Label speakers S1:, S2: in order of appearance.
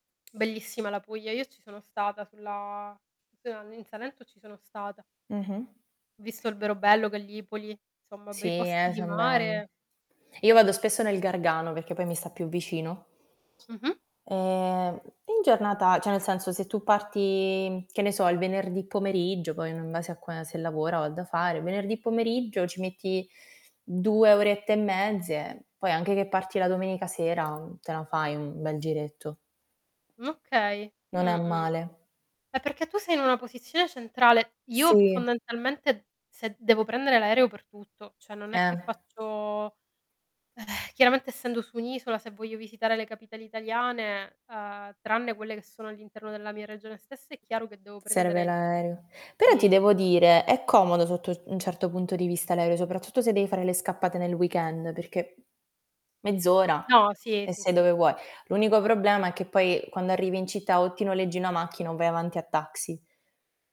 S1: Bellissima la Puglia, io ci sono stata sulla, s uhm, in Salento ci sono stata.
S2: Mh-mh.
S1: Ho visto Alberobello, Gallipoli, insomma
S2: Sì
S1: bei posti
S2: eh,
S1: di
S2: son belli.
S1: mare.
S2: Io
S1: Belli
S2: vado
S1: be
S2: spesso nel Gargano, perché poi mi sta più vicino.
S1: Mh-mh.
S2: Ehm, in giornata cioè nel senso, se tu parti che ne so, il venerdì pomeriggio poi, mhmm, in base a qua se lavora o ha da fare, venerdì pomeriggio ci metti 2 orette e mezze, poi anche che parti la domenica sera, te lo fai un bel giretto.
S1: Okay,
S2: Non è
S1: mh-mh,
S2: male.
S1: eh perché tu sei in una posizione centrale. Io p
S2: Sì.
S1: fondamentalmente se devo prendere l'aereo per tutto, cioè non è
S2: Eh.
S1: che faccio eh, chiaramente essendo su un'isola se voglio visitare le capitali italiane, uhm, tranne quelle che sono all'interno della mia regione stessa è chiaro che devo prendere
S2: Serve
S1: il [unintelligible]
S2: l'aereo. Però ti
S1: sì.
S2: devo dire, è comodo sotto u un certo punto di vista l'aereo, soprattutto se devi fare le scappate nel weekend, perché mezz'ora
S1: No, sì,
S2: e
S1: sì,
S2: sei dove
S1: sì.
S2: vuoi. L'unico problema è che poi quando arrivi in città, o ti noleggi una macchina o vai avanti a taxi.